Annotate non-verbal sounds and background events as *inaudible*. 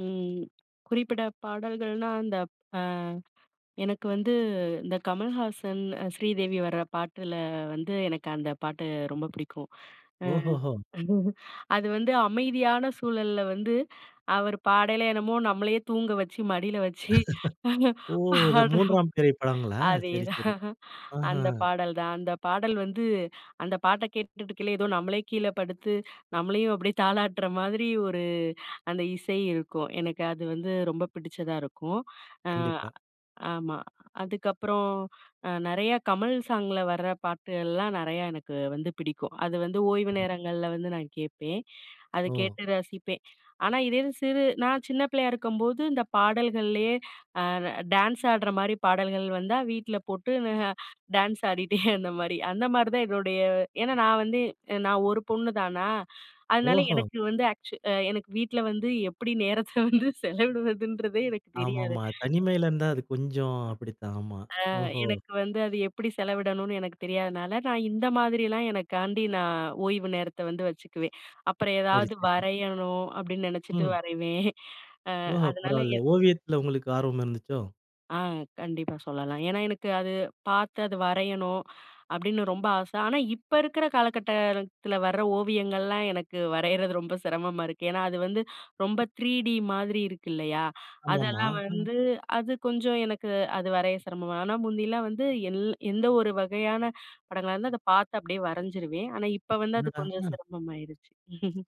ம். குறிப்பிட பாடல்கள்னா, அந்தப் அ எனக்கு வந்து இந்த கமல்ஹாசன், ஸ்ரீதேவி வர பாட்டுல வந்து எனக்கு அந்த பாட்டு ரொம்ப பிடிக்கும். அ ஓஹோஹோ! *chuckles* அது வந்து அமைதியான சூழல்ல வந்து அவர் பாடயிலே என்னமோ நம்மளையே தூங்க வச்சு, மடியில வச்சு, *laughs* பானா ஓ! அது பாடுற 3 ஆம் பிறை படங்களா? சரி, சரி. அதேதான் அந்த அஹ்ம்! பாடல் தான். அந்த பாடல் வந்து அந்த பாட்ட கேட்டுட்டுக்கையிலே, ஏதோ நம்மளே கீழ படுத்து நம்மளையும் *chuckles* அப்டியே தாலாட்டுற மாதிரி ஒரு அந்த இசை இருக்கும். எனக்கு அது வந்து ரொம்ப பிடிச்சதா இருக்கும். அ கண்டிப்பா. ஆமா. அதுக்கப்புறம் அ நெறையா கமல் சாங்ல வர பாட்டு, எல்லாம் நறையா எனக்கு வந்து பிடிக்கும். அது வந்து ஓய்வு நேரங்கள்ல வந்து நான் கேட்பேன். அத ஓ! கேட்டு ரசிப்பேன். ஆனா, இதே இது சிறு நான் சின்ன பிள்ளையா இருக்கும்போது, இந்த பாடல்கள்லயே அ டான்ஸ் ஆடுற மாரி பாடல்கள் வந்தா வீட்ல போட்டு டான்ஸ் ஆடிட்டே அந்த மாதிரி. அந்த மாதிரிதான் என்னுடைய ஏனா நான் வந்து நான் 1 பொண்ணு தானா, அதனால ஓஹோ! எனக்கு வந்து ஆக்சு அ எனக்கு வீட்ல வந்து எப்டி நேரத்த வந்து செலவிடுவதுன்றதே எனக்கு தெரியாது. ஆமாமா. தனிமையில இருந்தா அது கொஞ்சம் அப்டித்தான். ஆமா. ஆ ஓஹோ! எனக்கு வந்து அது எப்டி செலவிடணும்னு எனக்கு தெரியாதனால, நான் இந்த மாதிரிலாம் எனக்காண்டி நான் ஓய்வு நேரத்தை வந்து வச்சுக்குவேன். அப்புறம் சரி, ஏதாவது சரி. வரையணும் அப்டின்னு நெனைச்சிட்டு ம். வரைவேன். அ ஓஹோ! அதனால பரவால்ல. என் ஓவியத்துல உங்களுக்கு ஆர்வம் இருந்துச்சோ? ஆ கண்டிப்பா சொல்லலாம். ஏனா, எனக்கு அது பார்த்து அது வரையணும் அப்டின்னு ரொம்ப ஆசை. ஆனா இப்ப இருக்குற காலகட்டத்தில வர ஓவியங்கள்லாம் எனக்கு வரையறது ரொம்ப சிரமமா இருக்கு. ஏனா அது வந்து ரொம்ப 3டி த்ரீடி மாதிரி இருக்கு இல்லையா, ஆமாமா, அதெல்லாம் ம். வந்து அது கொஞ்சம் எனக்கு அது வரைய சிரமமா, ஆனா முந்தில்லாம் வந்து எல் எந்த ஒரு வகையான படங்களா இருந்தா அத பார்த்து அப்டியே வரைஞ்சிருவேன். ஆனா, இப்ப வந்து அது என்னடா! கொஞ்சம் ம். சிரமமாயிரிச்சு. *chuckles*